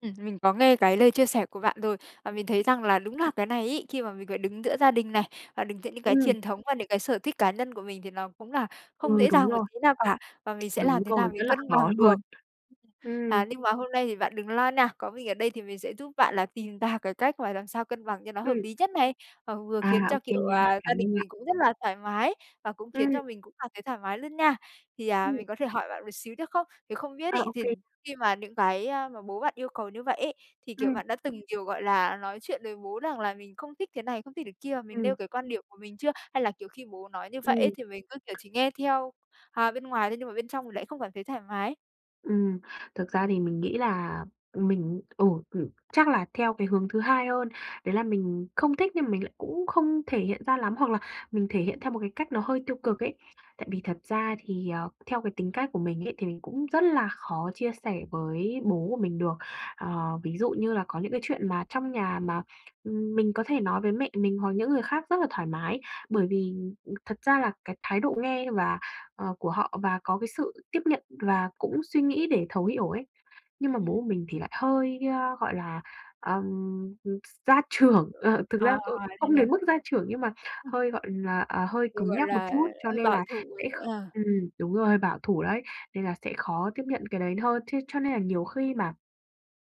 Ừm, mình có nghe cái lời chia sẻ của bạn rồi và mình thấy rằng là đúng là cái này ấy, khi mà mình phải đứng giữa gia đình này và đứng giữa những cái Ừm. truyền thống và những cái sở thích cá nhân của mình thì nó cũng là không Ừ, dễ đúng dàng một rồi. tí nào cả, và mình sẽ Đúng làm thế nào rồi, rất mình là cân bằng khó luôn. được. Ừm. À, nhưng mà hôm nay thì bạn đừng lo nha, có mình ở đây thì mình sẽ giúp bạn là tìm ra cái cách mà làm sao cân bằng cho nó hợp Ừm. lý nhất này, ờ, vừa khiến À, cho, OK kiểu, nha. à, Cảm gia đình ơn bạn. mình cũng rất là thoải mái và cũng khiến Ừm. cho mình cũng cảm thấy thoải mái luôn nha. Thì, à, Ừm. mình có thể hỏi bạn một xíu được không? Thì không biết À, ấy OK. thì khi mà những cái, a, mà bố bạn yêu cầu như vậy ấy, thì, kiểu, Ừm. bạn đã từng, kiểu, gọi là, nói chuyện với bố rằng là mình không thích thế này, không thích cái kia, mình nêu Ừm. cái quan điểm của mình chưa? Hay là, kiểu, khi bố nói như vậy Ừm. ấy thì mình cứ, kiểu, chỉ nghe theo, à, bên ngoài thôi nhưng mà bên trong thì lại không cảm thấy thoải mái? Ừm, thực ra thì mình nghĩ là mình ừ, ừm, chắc là theo cái hướng thứ hai hơn, đấy là mình không thích nhưng mà mình lại cũng không thể hiện ra lắm, hoặc là mình thể hiện theo một cái cách nó hơi tiêu cực ấy, tại vì thật ra thì, ờ, theo cái tính cách của mình ấy thì mình cũng rất là khó chia sẻ với bố của mình được. Ờ, ví dụ như là có những cái chuyện mà trong nhà mà, ừm, mình có thể nói với mẹ mình, hoặc những người khác rất là thoải mái bởi vì, ừm, thật ra là cái thái độ nghe và, ờ, của họ và có cái sự tiếp nhận và cũng suy nghĩ để thấu hiểu ấy. Nhưng mà bố Ừm. của mình thì lại hơi, ơ, gọi là, ừm, gia trưởng, ờ, thực À, ra c thế không à. đến mức gia trưởng, nhưng mà hơi, gọi là, à, hơi Thì, cứng gọi nhắc một là, chút, cho hơi nên bảo là thủ ấy sẽ kh à. ừm, đúng rồi, bảo thủ đấy, nên là sẽ khó tiếp nhận cái đấy hơn. Ch cho nên là nhiều khi mà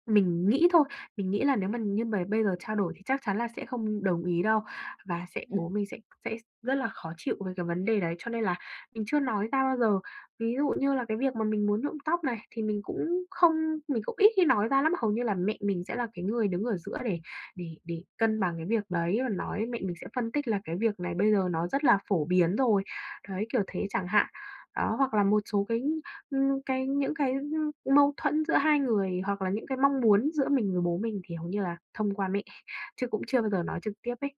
mình nghĩ thôi, mình nghĩ là nếu mà như mà bây giờ trao đổi thì chắc chắn là sẽ không đồng ý đâu và sẽ Ừm. bố mình sẽ sẽ rất là khó chịu về cái vấn đề đấy, cho nên là mình chưa nói ra bao giờ. Ví dụ như là cái việc mà mình muốn nhuộm tóc này thì mình cũng không mình cũng ít khi nói ra lắm, hầu như là mẹ mình sẽ là cái người đứng ở giữa để để để cân bằng cái việc đấy và nói, mẹ mình sẽ phân tích là cái việc này bây giờ nó rất là phổ biến rồi, đấy, kiểu thế chẳng hạn. Đó, hoặc là một số cái, ừm, cái những cái, ưm, mâu thuẫn giữa hai người, hoặc là những cái mong muốn giữa mình với bố mình thì hầu như là thông qua mẹ, chứ cũng chưa bao giờ nói trực tiếp ấy.